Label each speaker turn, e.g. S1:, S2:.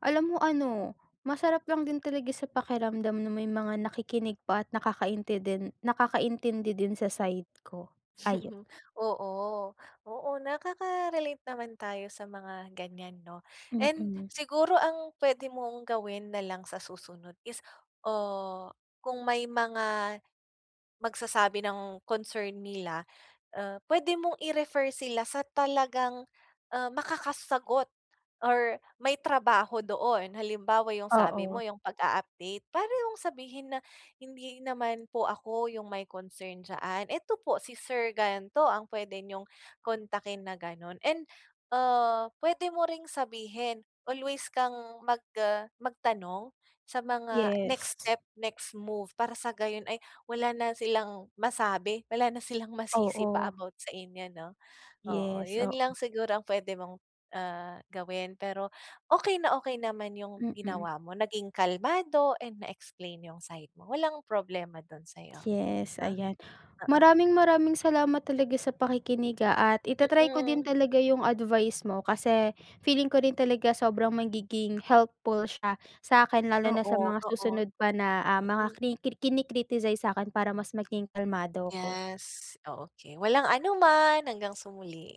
S1: Alam mo ano, masarap lang din talaga sa pakiramdam na may mga nakikinig pa at nakaintindin nakakaintindi din sa side ko, ayon.
S2: Oo, oo. Nakaka-relate naman tayo sa mga ganyan, 'no. And
S1: Mm.
S2: siguro ang pwede mong gawin na lang sa susunod is, oh, kung may mga magsasabi ng concern nila, ah, pwede mong i-refer sila sa talagang, ah, makakasagot or may trabaho doon. Halimbawa, yung sabi mo
S1: Oo.
S2: yung pag-a-update, parang yung sabihin na "Hindi naman po ako yung may concern diyaan. Eto po si sir gan'to ang pwede niyong kontakin," na ganun and, ah, pwede mo ring sabihin, always kang mag ah magtanong sa mga next
S1: Yes.
S2: step, next move, para sa gayon ay wala na silang masabi, wala na silang masisi pa
S1: Oo.
S2: about sa inyo, 'no, oo.
S1: Yes,
S2: Yun
S1: oo.
S2: lang siguro ang pwede mong, ah, gawin pero okey na okey naman yung
S1: Mm.
S2: ginawa mo, naging kalmado and na-explain yung side mo, walang problema dun sa'yo,
S1: Yes,
S2: 'no.
S1: ayan.
S2: Oo.
S1: Maraming maraming salamat talaga sa pakikinig, ah, at ita-try ko din
S2: Mm.
S1: talaga yung advice mo. Kasi feeling ko din talaga sobrang magiging helpful siya sa 'kin. Lalo na sa
S2: Oo,
S1: mga
S2: oo.
S1: susunod pa na, ah, mga
S2: Mm.
S1: kriki kini-criticize sa'kin para mas maging kalmado ako.
S2: Yes, oh, okey. Walang anuman, hanggang sa muli.